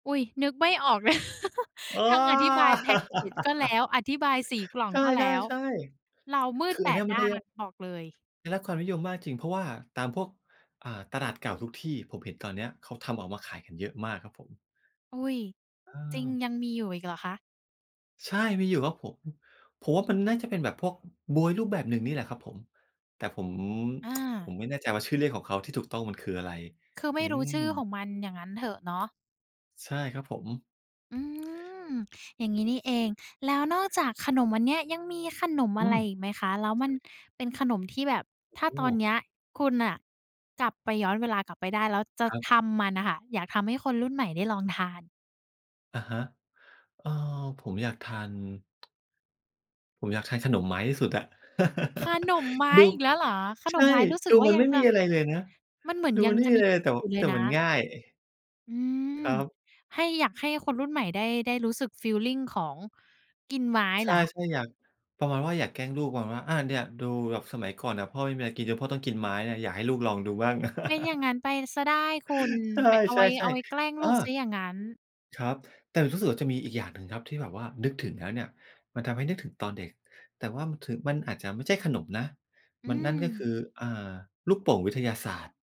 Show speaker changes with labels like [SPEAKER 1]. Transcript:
[SPEAKER 1] อุ๊ย นึกไม่ออก เลย
[SPEAKER 2] อ้อ
[SPEAKER 1] ทั้งอธิบายแพ็กเกจก็แล้ว อธิบายสีกล่อ
[SPEAKER 2] ใ
[SPEAKER 1] ง
[SPEAKER 2] ช
[SPEAKER 1] ก็แล้ว
[SPEAKER 2] ่ ๆ
[SPEAKER 1] เรามื
[SPEAKER 2] ๆ ค
[SPEAKER 1] ด
[SPEAKER 2] ือ
[SPEAKER 1] แป
[SPEAKER 2] อันเนี้
[SPEAKER 1] ด
[SPEAKER 2] ยมั
[SPEAKER 1] ด
[SPEAKER 2] นก
[SPEAKER 1] ้
[SPEAKER 2] ็
[SPEAKER 1] า
[SPEAKER 2] จ
[SPEAKER 1] น
[SPEAKER 2] ะ
[SPEAKER 1] บอกเลย
[SPEAKER 2] ได้รับความนิยมมากจริง เพราะว่าตามพวก อ่า ตลาดเก่าทุกที่ ผมเห็นตอนเนี้ยเขาทำออกมาขายกันเยอะมากครับผม
[SPEAKER 1] อุ๊ย
[SPEAKER 2] เ
[SPEAKER 1] จริง
[SPEAKER 2] ออ
[SPEAKER 1] ยังมีอยู่อีกเหรอคะ?
[SPEAKER 2] ใช่ มีอยู่ครับผม ผมว่ามันน่าจะเป็นแบบพวก บ๊วยรูปแบบหนึ่งนี่แหละครับผม แต่ผม
[SPEAKER 1] อ
[SPEAKER 2] ผ
[SPEAKER 1] า
[SPEAKER 2] มไม่แน่ใจว่าชื่อเรียกของเขาที่ถูกต้องมันคืออะไร
[SPEAKER 1] คือไม
[SPEAKER 2] อ
[SPEAKER 1] ่
[SPEAKER 2] ื
[SPEAKER 1] รู้ชื่อข
[SPEAKER 2] อ
[SPEAKER 1] องมัน อย่างงั้นเถอะ เนาะ
[SPEAKER 2] ใช่ครับผม
[SPEAKER 1] อืม อย่างงี้นี่เอง แล้วนอกจากขนมอันเนี้ย ยังมีขนม
[SPEAKER 2] อ
[SPEAKER 1] อ
[SPEAKER 2] ื
[SPEAKER 1] ะไร
[SPEAKER 2] ม
[SPEAKER 1] อีกไหมคะ? แล้วมันเป็นขนมที่แบบ ถ้า
[SPEAKER 2] โอ
[SPEAKER 1] ตอนเน
[SPEAKER 2] ้
[SPEAKER 1] ี้ยคุณน่ะกลับไป ย้อนเวลากลับไปได้ แล้วจะ
[SPEAKER 2] ครับ
[SPEAKER 1] ทำมันอะค่ะ อยากทำให้คนรุ่นใหม่ได้ลองทาน
[SPEAKER 2] อะฮะ เออ ผมอยากทาน ผมอยากใช้ขนมไม้ที่สุดอะ
[SPEAKER 1] ขนมไม้
[SPEAKER 2] ดู
[SPEAKER 1] อีกแล้วเหรอ? ข
[SPEAKER 2] ใ
[SPEAKER 1] น
[SPEAKER 2] ช
[SPEAKER 1] ม
[SPEAKER 2] ่
[SPEAKER 1] ไม้รู้สึ
[SPEAKER 2] ด
[SPEAKER 1] ก
[SPEAKER 2] ู
[SPEAKER 1] ว่า
[SPEAKER 2] มัน
[SPEAKER 1] ยั
[SPEAKER 2] ไ
[SPEAKER 1] ง
[SPEAKER 2] ม่
[SPEAKER 1] จ
[SPEAKER 2] ม
[SPEAKER 1] ะ
[SPEAKER 2] ีอะไรเลยนะ
[SPEAKER 1] มันเหมือน
[SPEAKER 2] ดู
[SPEAKER 1] ย
[SPEAKER 2] ม
[SPEAKER 1] ั
[SPEAKER 2] ั
[SPEAKER 1] ง
[SPEAKER 2] นไม
[SPEAKER 1] จ
[SPEAKER 2] ่
[SPEAKER 1] ะ
[SPEAKER 2] มี
[SPEAKER 1] มี
[SPEAKER 2] อะไรเลย แต่ว
[SPEAKER 1] อย
[SPEAKER 2] ่า
[SPEAKER 1] ู่เล
[SPEAKER 2] แต
[SPEAKER 1] ย
[SPEAKER 2] ่
[SPEAKER 1] น
[SPEAKER 2] มัน
[SPEAKER 1] ะ
[SPEAKER 2] ง่าย อ
[SPEAKER 1] อืม
[SPEAKER 2] ครับ
[SPEAKER 1] ให้ อยากให้คนรุ่นใหม่ ได้ ได้รู้สึกฟีลลิงของ กินไม้
[SPEAKER 2] ใช
[SPEAKER 1] เหรอ
[SPEAKER 2] ่
[SPEAKER 1] คะ?
[SPEAKER 2] ๆ อยาก ประมาณว่าอยากแกล้งลูก ประมาณว่า "อา เนี่ยดู แบบสมัยก่อนน่ะพ่อไม่มีอะไรกินจนพ่อต้องกินไม้เนี่ย อยากให้ลูกลองดูบ้าง"
[SPEAKER 1] เป็นอย่างงั้นไปเสียได้คุณ
[SPEAKER 2] ใ
[SPEAKER 1] ไป เอา
[SPEAKER 2] ช
[SPEAKER 1] ไว้ เอ
[SPEAKER 2] ่
[SPEAKER 1] าไว้แก
[SPEAKER 2] ๆ
[SPEAKER 1] ล้ง
[SPEAKER 2] ๆ
[SPEAKER 1] ล
[SPEAKER 2] อ
[SPEAKER 1] ูก
[SPEAKER 2] า
[SPEAKER 1] เสียอย่างงั้น
[SPEAKER 2] ครับ แต่รู้สึกว่าจะมีอีกอย่างหนึ่งครับที่แบบว่านึกถึงแล้วเนี่ยมันทำให้นึกถึงตอนเด็ก แต่ว่ามัน ถ อาจจะไม่ใช่ขนมนะ
[SPEAKER 1] อื
[SPEAKER 2] มัน นั่นก็ค
[SPEAKER 1] ม
[SPEAKER 2] ือ อา ลูกโป่งวิทยาศาสตร์